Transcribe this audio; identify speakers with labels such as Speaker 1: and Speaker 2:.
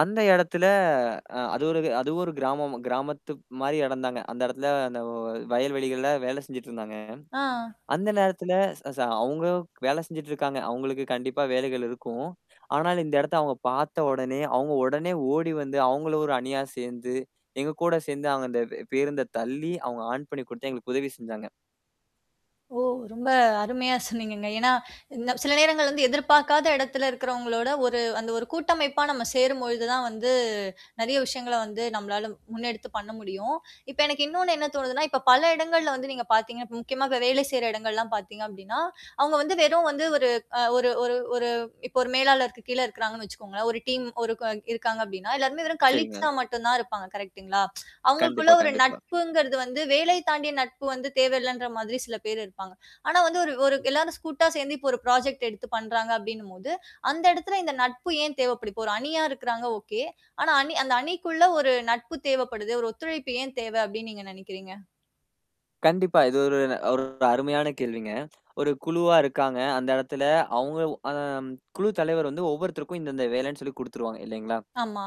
Speaker 1: அந்த இடத்துல, அ அது ஒரு அது ஒரு கிராமம். கிராமத்துக் மாதிரி இடந்தாங்க. அந்த இடத்துல, அந்த வயல்வெளிகள்ல வேலை செஞ்சுட்டு இருந்தாங்க.
Speaker 2: ஆஹ்.
Speaker 1: அந்த நேரத்துல, ச ச அவங்க வேலை செஞ்சுட்டு இருக்காங்க. அவங்களுக்கு கண்டிப்பா வேலைகள் இருக்கும். ஆனால், இந்த இடத்த அவங்க பார்த்தவுடனே, அவங்க உடனே ஓடி வந்து, அவங்களும் ஒரு அணியா சேர்ந்து, எங்க கூட சேர்ந்து அவங்க அந்த பேருந்தை தள்ளி, அவங்க ஆன் பண்ணி கொடுத்து எங்களுக்கு உதவி செஞ்சாங்க.
Speaker 2: ஓ, ரொம்ப அருமையா சொன்னீங்கங்க. என்னா இந்த, சில நேரங்கள்ல வந்து எதிர்பாக்காத இடத்துல இருக்கறவங்களோட ஒரு அந்த ஒரு கூட்டமைப்பா நாம சேரும் பொழுது தான் வந்து, நெறைய விஷயங்கள வந்து நம்மளால முன்னெடுத்து பண்ண முடியும். இப்ப எனக்கு இன்னொன்னு என்ன தோணுதுனா, இப்ப பல இடங்கள்ல வந்து நீங்க பாத்தீங்க முக்கியமா வேலை செய்ற இடங்கள் எல்லாம் பாத்தீங்க அப்படினா, அவங்க வந்து வெறும் வந்து ஒரு ஒரு ஒரு ஒரு இப்போ ஒரு மேலாளருக்கு கீழ இருக்கறாங்கன்னு வச்சுக்கோங்களேன். ஒரு டீம் இருக்காங்க அப்படின்னா, எல்லாருமே வெறும்
Speaker 1: செரிங்க.
Speaker 2: கலீக்ஸ் ஆ மட்டும் தான் இருப்பாங்க. கரெக்ட் ங்களா? அவங்களுக்குள்ள
Speaker 1: கண்டிப்பா,
Speaker 2: ஒரு
Speaker 1: கண்டிப்பா.
Speaker 2: நட்புங்குறது வந்து, வேலை தாண்டிய நட்பு வந்து தேவையில்லைன்ற மாதிரி சில பேர் இருப்பாங்க. ஆனால் வந்து எல்லாரும் கூட்டா சேர்ந்து ஒரு புராஜெக்ட் எடுத்து பண்ணுகிறாங்க, அப்படின்னும் போது அந்த இடத்துல இந்த நட்பு ஏன் தேவைப்படும்? ஒரு அணியா இருக்குறாங்க. ஒகே! ஆனால், அணி அந்த அணிக்குள்ள ஒரு நட்பு தேவைப்படுது. ஒரு ஒத்துழைப்பு ஏன் தேவை அப்பன்னு நீங்க நினைக்கிறீங்க?
Speaker 1: கண்டிப்பா. இது ஒரு ஒரு அருமையான கேள்விங்க! ஒரு குழுவா இருக்காங்க. அந்த இடத்துல அவங்கள அ குழு தலைவர் வந்து, ஒவ்வொருத்தருக்கும் இந்த இந்த வேலைன்னு சொல்லி குடுத்துருவாங்க, இல்லங்களா?
Speaker 2: ஆமா.